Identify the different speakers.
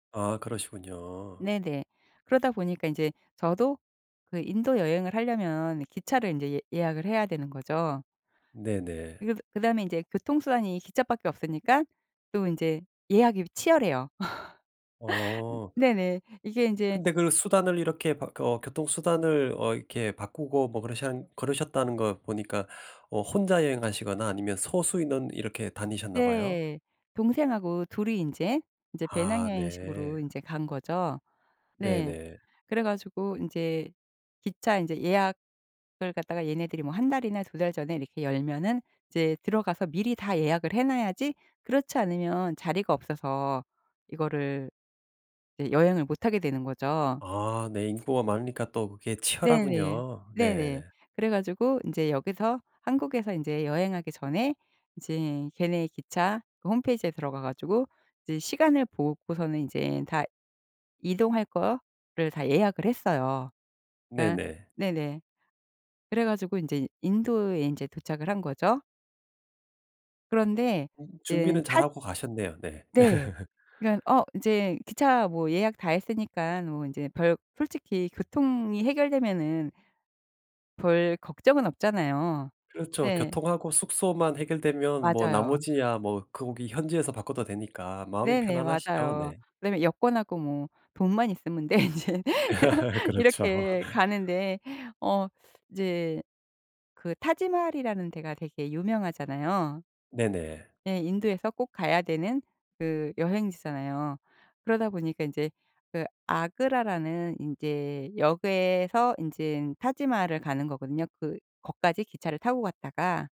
Speaker 1: 아. 그러시군요.
Speaker 2: 네네. 그러다 보니까 인제 저도 그 인도 여행을 하려면 기차를 인제 예 예약을 해야 되는 거죠.
Speaker 1: 네네.
Speaker 2: 이거 드 그 다음에 인제 교통 수단이 기차밖에 없으니깐 또 인제 예약이 치열해요.
Speaker 1: 어.
Speaker 2: 네네. 이게 인제
Speaker 1: 근데 그 수단을 이렇게 바 그
Speaker 2: 음.
Speaker 1: 어 교통 수단을 어 이렇게 바꾸고 뭐 그러셩 그러셨다는 거 보니까 어 혼자 여행하시거나 아니면 소수 인원 이렇게 다니셨나 봐요?
Speaker 2: 네. 동생하고 둘이 인제 인제 배낭
Speaker 1: 아.
Speaker 2: 여행식으로
Speaker 1: 네.
Speaker 2: 인제 간 거죠. 네.
Speaker 1: 네네.
Speaker 2: 그래 가지고 인제 기차 인제 예약을 갖다가 얘네들이 뭐 1 달이나 2 달 전에 이렇게 열면은 이제 들어가서 미리 다 예약을 해 놔야지 그렇지 않으면 자리가 없어서 이거를 네 여행을 못 하게 되는 거죠.
Speaker 1: 아. 네 인구가 많으니까 또 그게
Speaker 2: 네네.
Speaker 1: 치열하군요.
Speaker 2: 네네.
Speaker 1: 네.
Speaker 2: 그래 가지고 인제 여기서 한국에서 인제 여행하기 전에 이제 걔네 기차 그 홈페이지에 들어가 가지고 이제 시간을 보고서는 이제 다 이동할 거를 다 예약을 했어요. 그러니까
Speaker 1: 네네.
Speaker 2: 네네. 그래 가지고 인제 인도에 인제 도착을 한 거죠. 그런데
Speaker 1: 음.
Speaker 2: 이젠
Speaker 1: 준비는 잘
Speaker 2: 타
Speaker 1: 하고 가셨네요. 네.
Speaker 2: 네. 그러니깐 어 인제 기차 뭐 예약 다 했으니깐 뭐 인제 별 솔직히 교통이 해결되면은 별 걱정은 없잖아요.
Speaker 1: 그렇죠.
Speaker 2: 네.
Speaker 1: 교통하고 숙소만 해결되면 뭐
Speaker 2: 맞아요.
Speaker 1: 나머지야 뭐 거기 현지에서 바꿔도 되니까 마음이
Speaker 2: 네네.
Speaker 1: 편안하시죠.
Speaker 2: 맞아요.
Speaker 1: 네.
Speaker 2: 그다음에 여권하고 뭐 돈만 있으면 돼. 인제
Speaker 1: 그렇죠.
Speaker 2: 이렇게 가는데 어 이제 그 타지마할이라는 데가 되게 유명하잖아요.
Speaker 1: 네네.
Speaker 2: 네. 인도에서 꼭 가야 되는 그 여행지잖아요. 그러다 보니까 인제 그 아그라라는 인제 역에서 인제는 타지마할을 가는 거거든요. 그 거까지 기차를 타고 갔다가